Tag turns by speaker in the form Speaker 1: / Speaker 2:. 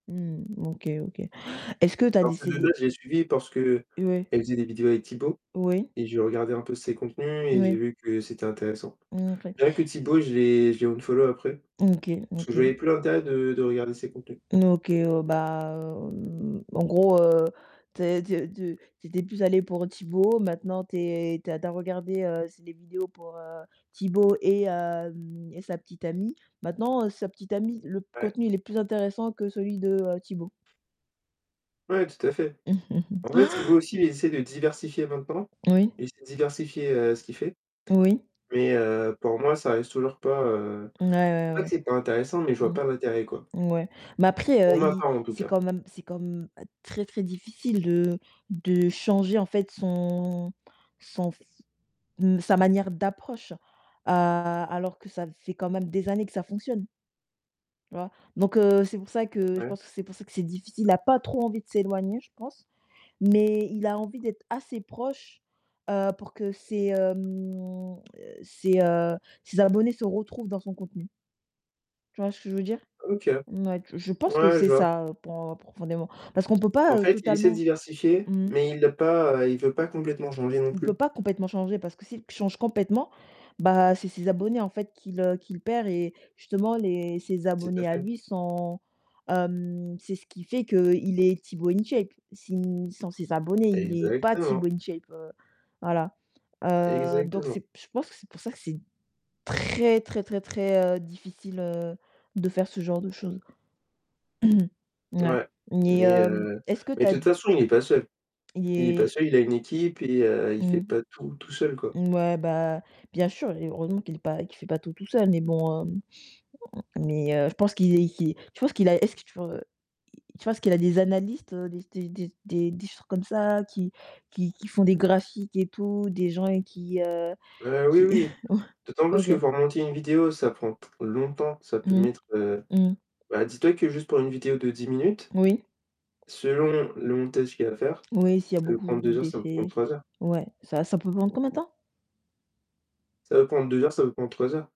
Speaker 1: Mmh, OK, OK. Est-ce que tu as des
Speaker 2: Parce que Leleu
Speaker 1: CD
Speaker 2: je l'ai suivi parce qu'elle
Speaker 1: Ouais.
Speaker 2: faisait des vidéos avec Tibo
Speaker 1: Oui.
Speaker 2: et j'ai regardé un peu ses contenus et j'ai
Speaker 1: Oui.
Speaker 2: vu que c'était intéressant.
Speaker 1: Mmh, OK.
Speaker 2: Rien que Tibo, je l'ai je l'ai unfollow après
Speaker 1: OK,
Speaker 2: parce que je voyais
Speaker 1: OK.
Speaker 2: plus l'intérêt de de regarder ses contenus.
Speaker 1: N OK, heu, bah o heu, en gros, heu, tu es tu tu tu étais plus allé pour Tibo, maintenant tu es tu as tu as regardé, heu, c'est des vidéos pour heu, Tibo et hem, et sa petite amie. Maintenant, sa petite amie le
Speaker 2: Ouais.
Speaker 1: contenu, il est plus intéressant que celui de, heu, Tibo.
Speaker 2: Ouais, tout à fait. En fait, Tibo aussi, il essayer de diversifier en même temps,
Speaker 1: Oui.
Speaker 2: il s'est diversifier, heu, ce qu'il fait.
Speaker 1: Oui.
Speaker 2: Mais heu, pour moi, ça reste toujours pas, heu
Speaker 1: Ouais,
Speaker 2: c'est pas que
Speaker 1: ouais,
Speaker 2: c'est pas intéressant, mais je
Speaker 1: ouais.
Speaker 2: vois pas l'intérêt, quoi.
Speaker 1: Mmh, ouais, mais après
Speaker 2: Pour
Speaker 1: heu,
Speaker 2: ma
Speaker 1: il
Speaker 2: part en tout
Speaker 1: c'est
Speaker 2: cas.
Speaker 1: quand même c'est comme très, très difficile de de changer, en fait, son son f mmh sa manière d'approche, heu, alors que ça fait quand même des années que ça fonctionne Tu vois? Donc heu, c'est pour ça que je
Speaker 2: Ouais.
Speaker 1: pense que c'est pour ça que c'est difficile. Il n'a pas trop envie de s'éloigner, je pense, mais il a envie d'être assez proche, heu, pour que ses, heu, mmh, ses, heu, ses abonnés se retrouvent dans son contenu tu vois ce que je veux dire?
Speaker 2: OK,
Speaker 1: Ouais, je pense que
Speaker 2: ouais,
Speaker 1: c'est
Speaker 2: je vois.
Speaker 1: ça pour, heu, profondément. Parce qu'on ne peut
Speaker 2: En
Speaker 1: pas, heu,
Speaker 2: fait, il essaie de
Speaker 1: totalement
Speaker 2: diversifier,
Speaker 1: mmh.
Speaker 2: mais il l'a pas, heu, il veut pas complètement changer non
Speaker 1: On peut
Speaker 2: plus.
Speaker 1: pas complètement changer parce que s'il change complètement, bah, c'est ses abonnés, en fait, qu'il, heu qu'il perd et justement les ses
Speaker 2: Tout à
Speaker 1: abonnés à
Speaker 2: fait.
Speaker 1: lui sont, hem, c'est ce qui fait qu'il est Tibo InShape. Si sans ses abonnés, il est pas
Speaker 2: Exactement.
Speaker 1: Tibo InShape, heu voilà, heu, donc
Speaker 2: Exactement.
Speaker 1: c'est je pense que c'est pour ça que c'est très, très, très, très, heu, difficile, heu, de faire ce genre de chose. Ouais,
Speaker 2: Ouais,
Speaker 1: mais
Speaker 2: mais
Speaker 1: heu,
Speaker 2: heu,
Speaker 1: est-ce que
Speaker 2: mais
Speaker 1: tu
Speaker 2: de
Speaker 1: as
Speaker 2: toute façon, il est pas seul.
Speaker 1: Il
Speaker 2: Il est pas
Speaker 1: est
Speaker 2: seul, il a une équipe et heu, il fait
Speaker 1: mmh.
Speaker 2: pas tout tout seul, quoi.
Speaker 1: Ouais, bah, bien sûr, et heureusement qu'il est pas qu'il fait pas tout tout seul, mais bon, heu, mais heu, je pense qu'il est je pense qu'il a est-ce que tu tu penses qu'il a des analystes, des des des des des choses comme ça qui qui qui font des graphiques et tout, des gens avec qui, heu,
Speaker 2: Heu oui,
Speaker 1: qui
Speaker 2: oui. D'autant plus que
Speaker 1: OK.
Speaker 2: pour monter une vidéo, ça prend longtemps, ça peut
Speaker 1: Mmh,
Speaker 2: mettre, heu
Speaker 1: mmh.
Speaker 2: bah, dis-toi que juste pour 1 vidéo de 10 minutes.
Speaker 1: Oui.
Speaker 2: Selon le montage qu'il y a à faire,
Speaker 1: Oui, s'il y a
Speaker 2: ça peut
Speaker 1: beaucoup
Speaker 2: prendre 2 heures, ça peut prendre
Speaker 1: d'effets,
Speaker 2: 3 heures.
Speaker 1: ouais, ça ça peut prendre combien de temps?
Speaker 2: Ça peut prendre 2 heures, ça veut prendre 3 heures.